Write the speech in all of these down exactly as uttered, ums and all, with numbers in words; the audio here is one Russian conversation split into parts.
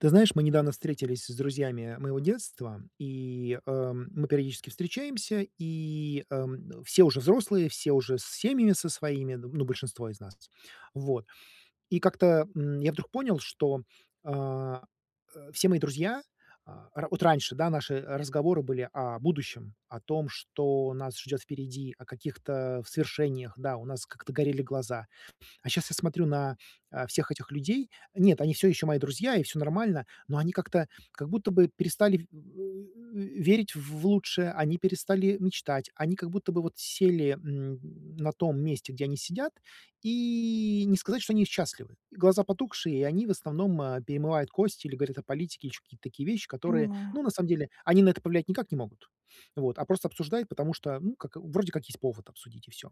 Ты знаешь, мы недавно встретились с друзьями моего детства, и, э, мы периодически встречаемся, и, эм, все уже взрослые, все уже с семьями со своими, ну, большинство из нас. Вот. И как-то, м, я вдруг понял, что, а, э, все мои друзья, а, ра вот раньше, да, наши, э, разговоры были о будущем, о том, что нас ждёт впереди, о каких-то свершениях, да, у нас как-то горели глаза. А сейчас я смотрю на, э, всех этих людей. Нет, они всё ещё мои друзья, и всё нормально, но они как-то как будто бы перестали, э, м, э, верить в лучшее, они перестали мечтать, они как будто бы вот сели, м, на том месте, где они сидят, и не сказать, что они счастливы. Глаза потухшие, и они, в основном, э, перемывают кости или говорят о политике и ещё какие-то такие вещи, которые, Понимаю. ну, на самом деле, они на это повлиять никак не могут, вот, а просто обсуждают, потому что, ну как, вроде как есть повод обсудить, и всё.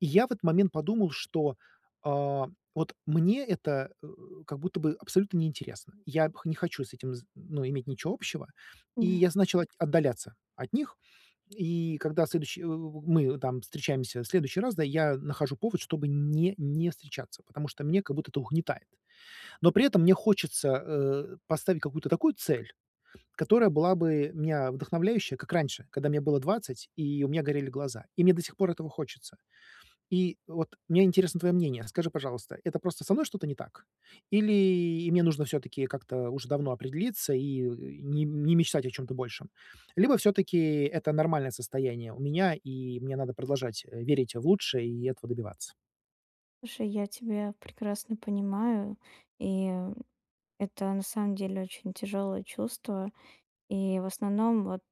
И я в этот момент подумал, что, а, вот мне это, э, как будто бы абсолютно не интересно. Я, пх не хочу с этим з ну, иметь ничего общего, и М-да. я с начал от отдаляться от них. И когда следующий, у у мы там встречаемся в следующий раз, да, я нахожу повод, чтобы не не встречаться, потому что мне как будто это угнетает. Но при этом мне хочется, э, поставить какую-то такую цель, которая была бы меня вдохновляющая, как раньше, когда мне было двадцать, и у меня горели глаза, и мне до сих пор этого хочется. И вот мне интересно твоё мнение. Скажи, пожалуйста, это просто со мной что-то не так, или мне нужно всё-таки как-то уж давно определиться и, э, не не мечтать о чём-то большем? Либо, всё-таки, это нормальное состояние у меня, и мне надо продолжать, э, верить в лучшее и этого добиваться. Слушай, я тебя прекрасно понимаю. И это на самом деле очень тяжелое чувство. И, в основном, вот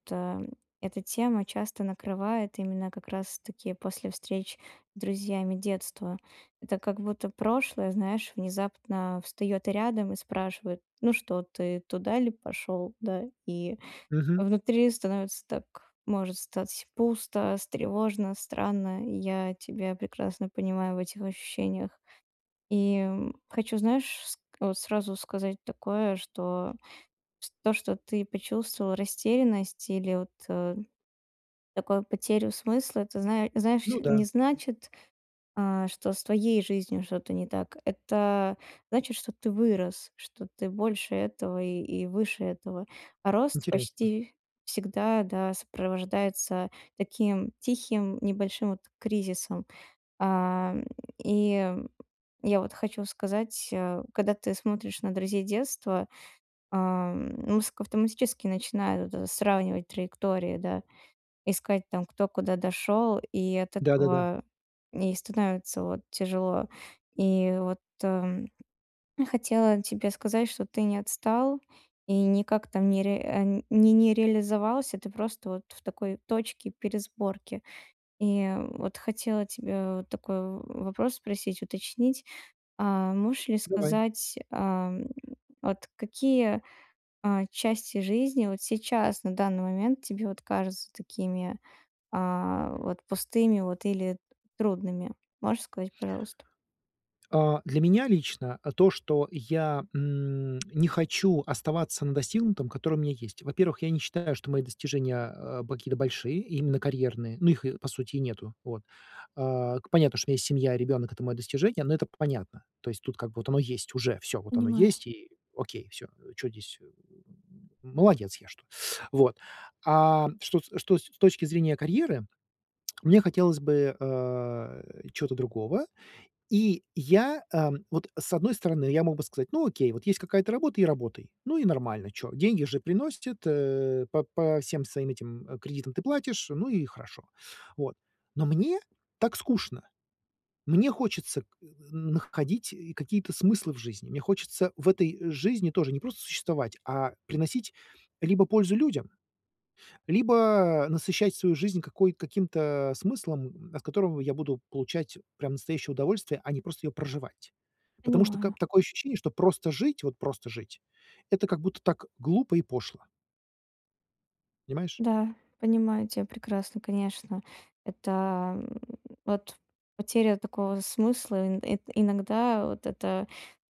эта тема часто накрывает именно как раз таки после встреч с друзьями детства. Это как будто прошлое, знаешь, внезапно встаёт рядом и спрашивает: "Ну что ты туда ли пошёл?" Да. И Мгм. внутри становится так может стать и пусто, с тревожно, странно. Я тебя прекрасно понимаю в этих ощущениях. И, м, хочу знаешь, ск вот сразу сказать такое что, с то что ты почувствовал растерянность или вот такое потерю смысла, это знае знаешь, Ну да. не значит, а, что с твоей жизнью что-то не так. Это значит, что ты вырос, что ты больше этого и и выше этого. Рост Интересно. почти всегда, да, сопровождается таким тихим небольшим вот кризисом. А, и я вот хочу сказать, э, когда ты смотришь на друзей детства, ам, мозг автоматически начинает вот это сравнивать траектории, да. Искать там кто куда дошёл, и от Да, да, да. этого не и становится вот тяжело. И вот и хотела тебе сказать, что ты не отстал и никак там ни реа э, н ни ни не реализовался, ты просто вот в такой точке пересборки. И, м, вот хотела тебе вот такой в вопрос спросить уточнить, а, можешь ли Давай. сказать, ам, вот какие, а, части жизни вот сейчас на данный момент тебе вот кажутся такими, а, вот пустыми вот или т трудными? Можешь сказать пожалуйста? А, для меня лично, а, то, что я, м, не хочу оставаться на достигнутом, которое у меня есть. Во-первых, я не считаю, что мои достижения, а, а, б какие-то большие, именно карьерные, но их, и по сути, и нету, вот. А, к понятно, что у меня есть семья и ребёнок это моё достижение, но это п понятно. То есть, тут как бы вот оно есть уже, всё вот оно Понимаю. есть и окей, всё чё здесь. Э, молодец, я что. Вот, ам, что с что с точки зрения карьеры, мне хотелось бы, э, чего-то другого. И я, эм, вот с одной стороны я мог бы сказать: "Ну, окей, вот есть какая-то работа и работай! Ну, и нормально, чё. Деньги же приносит, э, по по всем своим этим, м, кредитам ты платишь, ну и хорошо!" Вот. Но мне так скучно. Мне хочется к э, н находить и какие-то смыслы в жизни. Мне хочется в этой жизни тоже не просто существовать, а, приносить либо пользу людям, либо насыщать свою жизнь какой каким-то смыслом. От которого я буду получать прям настоящее удовольствие, а не просто её проживать. Потому что, ка Понимаю. такое ощущение, что просто жить, вот просто жить это как будто так глупо и пошло. Понимаешь? Да, понимаю тя прекрасно. Конечно, это, м, вот потеря такого смысла. Ин ин иногда вот это,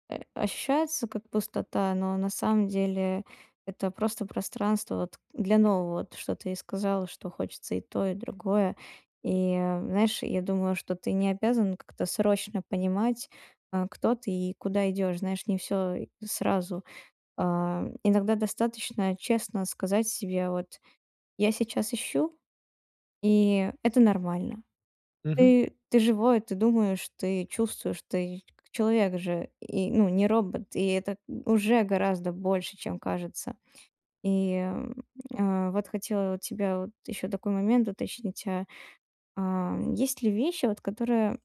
э, ощущается как пустота, но на самом деле это просто пространство вот для нового, вот что ты и сказала, что хочется и то, и другое. И, а, знаешь, я думаю, что ты не обязан как-то срочно понимать, а, кто ты и куда идешь. Знаешь, не всё и сразу. Ам, иногда достаточно честно сказать себе: "Вот я сейчас ищу, и это нормально". Мгм. Ты ты живой, ты думаешь, ты чувствуешь, ты как человек же и, ну, не робот, и это уже гораздо больше, чем кажется. И, м, а, вот хотела у тебя вот ещё такой момент уточнить: а, а есть ли вещи вот, которые,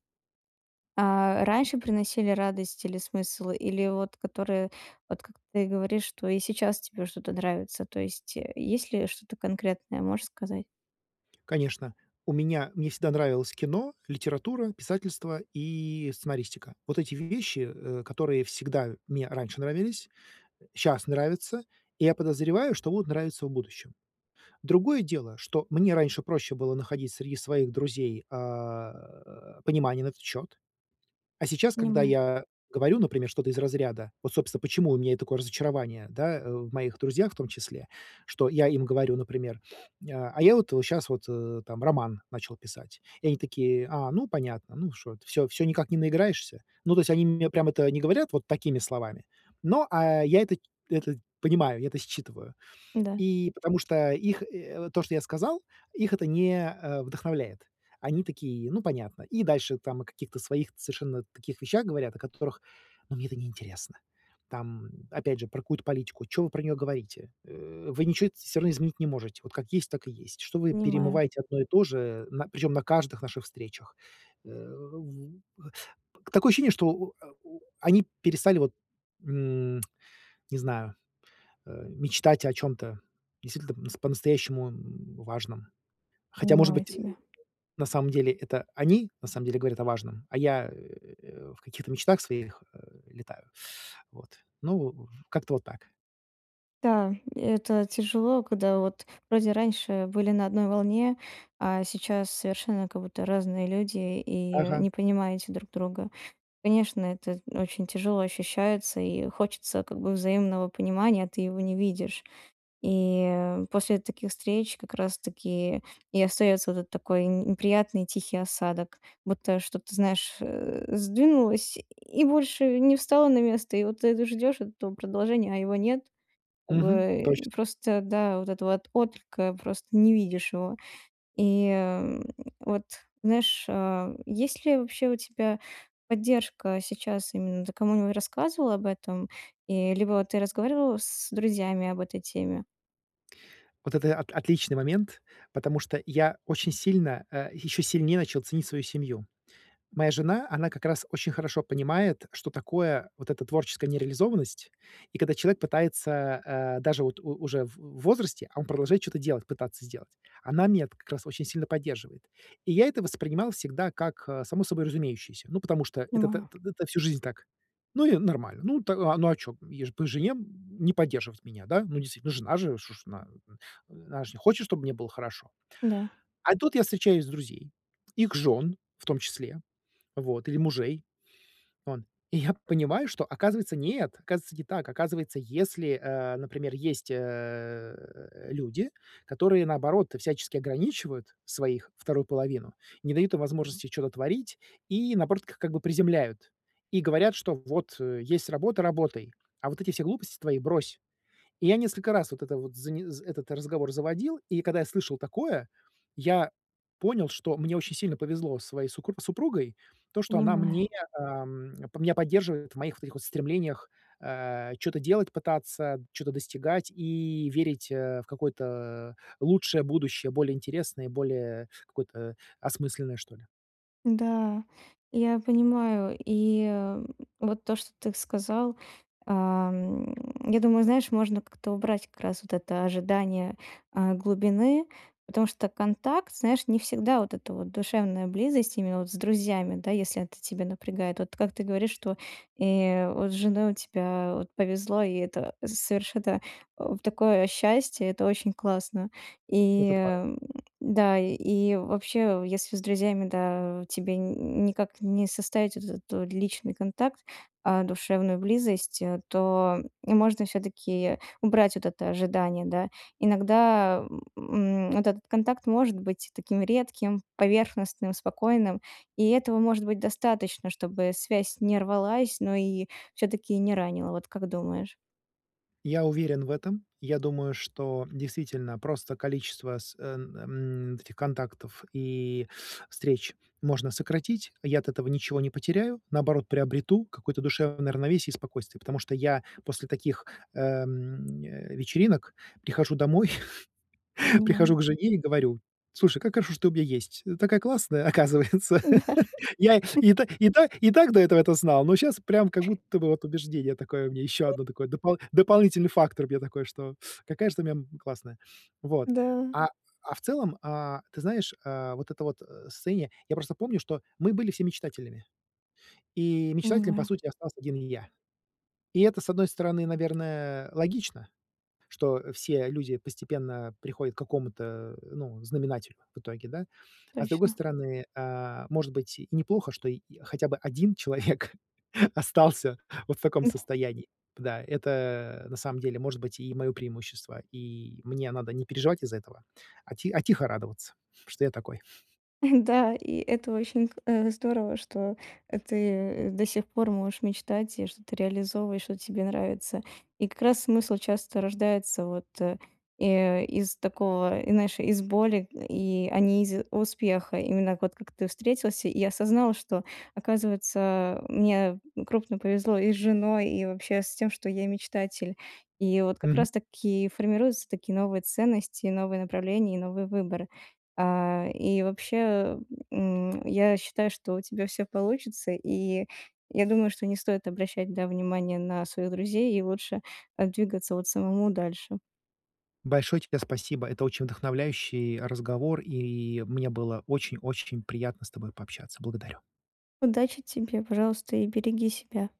а, раньше приносили радость или смысл, или вот которые вот, как ты говоришь, что и сейчас тебе что-то нравится? То есть, э, есть ли что-то конкретное, можешь сказать? Конечно, у меня мне всегда нравилось кино, литература, писательство и сценаристика. Вот эти вещи, э, которые всегда мне раньше нравились, щас нравятся, и я подозреваю, что будут нравиться в будущем. Другое дело, что мне раньше проще было находить среди своих друзей, а, э, понимание на этот счёт. А сейчас, когда Понимаю. я говорю, например, что-то из разряда Вот, собственно, почему у меня и такое разочарование, да, в моих друзьях в том числе. Что я им говорю, например: "А, а я вот вот щас вот, э, там роман начал писать". И они такие: "А, ну понятно. Ну что, всё всё никак не наиграешься?" Ну, то есть они мне прям это не говорят вот такими словами, но, а, я это это понимаю, я это считываю. Да. И потому что их, э, вот то, что я сказал, их это не, э, вдохновляет. Они такие: "Ну, понятно". И дальше там о каких-то своих ц совершенно таких вещах говорят, о которых, ну, мне это неинтересно. Там, опять же, про какую-то политику, чё вы про неё говорите? Э, вы ничего это всё равно изменить не можете, вот как есть, так и есть. Что вы Понимаю. перемываете одно и то же, э, на причём на каждых наших встречах. Э, в такое ощущение, что у а у они перестали вот, м, не знаю, э, мечтать о чём-то действительно п по-настоящему, м, важном. Хотя, может Понимаю быть, тебя. на самом деле, это они на самом деле говорят о важном, а я, э, в каких-то мечтах своих, э, летаю. Вот, ну, в как-то вот так. Да, и это тяжело. Когда вот вроде раньше были на одной волне, а сейчас совершенно как будто разные люди и Ага. не понимаете друг друга. Конечно, это очень тяжело ощущается, и хочется как бы взаимного понимания, а ты его не видишь. И, э, после таких встреч как раз таки и остается вот этот такой, н неприятный тихий осадок. Будто что, ты знаешь, э, сдвинулось и больше не встало на место, и вот ты это ждешь, вот этого продолжения, а его нет. Как Мгм, бы точно. и просто, да, вот этого вот отклика, просто не видишь его. И, м, вот знаешь, а есть ли вообще у тебя поддержка сейчас? Именно ты кому-нибудь рассказывал об этом, и либо ты разговаривал с друзьями об этой теме? Вот это от отличный момент, потому что я очень сильно, э, еще сильнее начал ценить свою семью. Моя жена, она как раз очень хорошо понимает, что такое вот эта творческая нереализованность, и когда человек пытается, э, даже вот у уже в в возрасте, а он продолжает чё-то делать, пытаться сделать. Она меня-то как раз очень сильно поддерживает. И я это воспринимал всегда как, э, само собой разумеющееся. Ну, потому что это то Понимаю. то то всю жизнь так. Ну, и нормально. Ну, т а ну, а чё? Е, по жене н не поддерживать меня, да? Ну, действительно, ну, жена же уж ш она, она ж, э, хочет, чтоб мне было хорошо. Да. А тут я встречаюсь с друзей, их жен, в том числе, вот, или мужей, ан И я понимаю, что, оказывается, нет. Оказывается, не так. Оказывается, если, э, например, есть, э, люди, которые, наоборот, всячески ограничивают своих, вторую половину, не дают им возможности чё-то творить и, наоборот, к как бы, приземляют. И говорят, что вот, э, есть работа- работай, а вот эти все глупости твои брось. И я несколько раз вот это вот зане этот разговор заводил, и когда я слышал такое, я понял, что мне очень сильно повезло со своей сукру супругой, то, что она Понимаю. мне, ам, меня поддерживает в моих вот этих вот стремлениях, э, чё-то делать, пытаться чё-то достигать и верить, э, в какое-то лучшее будущее, более интересное и более какое-то осмысленное, что ли. Да, я понимаю, и, эм, вот то, что ты сказал, а, м, я думаю, знаешь, можно как-то убрать как раз вот это ожидание, а, глубины, потому что контакт, знаешь, не всегда вот эта вот душевная близость именно вот с друзьями, да, если это тебя напрягает. Вот как ты говоришь, что и вот с женой у тебя вот повезло, и это совершенно, о в такое счастье, это очень классно. И, Этот пара ам, да, и вообще, если с друзьями, да, тебе ни никак не составить вот этот вот личный контакт, а душевную близость, то и можно всё-таки убрать вот это ожидание, да. Иногда, м, вот этот контакт может быть таким редким, поверхностным, спокойным, и этого может быть достаточно, чтобы связь не рвалась, но и всё-таки не ранило, вот как думаешь? Я уверен в этом. Я думаю, что действительно просто количество с эн эм вот этих контактов и встреч можно сократить. Я от этого ничего не потеряю, наоборот, приобрету какое-то душевное равновесие и спокойствие, потому что я после таких, эм, э, вечеринок прихожу домой, прихожу Понимаю. к жене и говорю: "Слушай, как хорошо, что ты у меня есть. Ты такая классная, оказывается". Да. Я и та и та и так до этого это знал, но щас прям как будто бы вот убеждение такое у меня еще одно такое, допол дополнительный фактор мне такой, что какая ж ты у меня, м, классная. Вот. Да. А а в целом, а, ты знаешь, а вот это вот состояние, я просто помню, что мы были все мечтателями. И мечтателем, по Понимаю. сути, остался один и я. И это, с одной стороны, наверное, логично, что все люди постепенно приходят к какому-то, ну, знаменателю в итоге, да? А с другой Точно. стороны, а, может быть, и неплохо, что й хотя бы один человек остался вот в таком состоянии. Да, это, на самом деле, может быть, и мое преимущество, и мне надо не переживать из-за этого, а ти а тихо радоваться, что я такой. Да, и это очень к э, здорово, что, э, ты до сих пор можешь мечтать, и что ты реализовываешь, вот, тебе нравится. И как раз смысл часто рождается вот, э, и из такого, знаешь, из боли, и, а не из успеха. Именно вот как ты встретился и осознал, что, оказывается, мне крупно повезло и с женой, и вообще с тем, что я мечтатель. И вот как Мгм. раз таки формируются такие новые ценности, новые направления и новые выборы. А, и вообще, м, я считаю, что у тебя всё получится, и я думаю, что не стоит обращать, да, внимание на своих друзей и лучше там двигаться вот самому дальше. Большое тебе спасибо. Это очень вдохновляющий разговор, и мне было очень-очень приятно с тобой пообщаться. Благодарю. Удачи тебе, пожалуйста, и береги себя.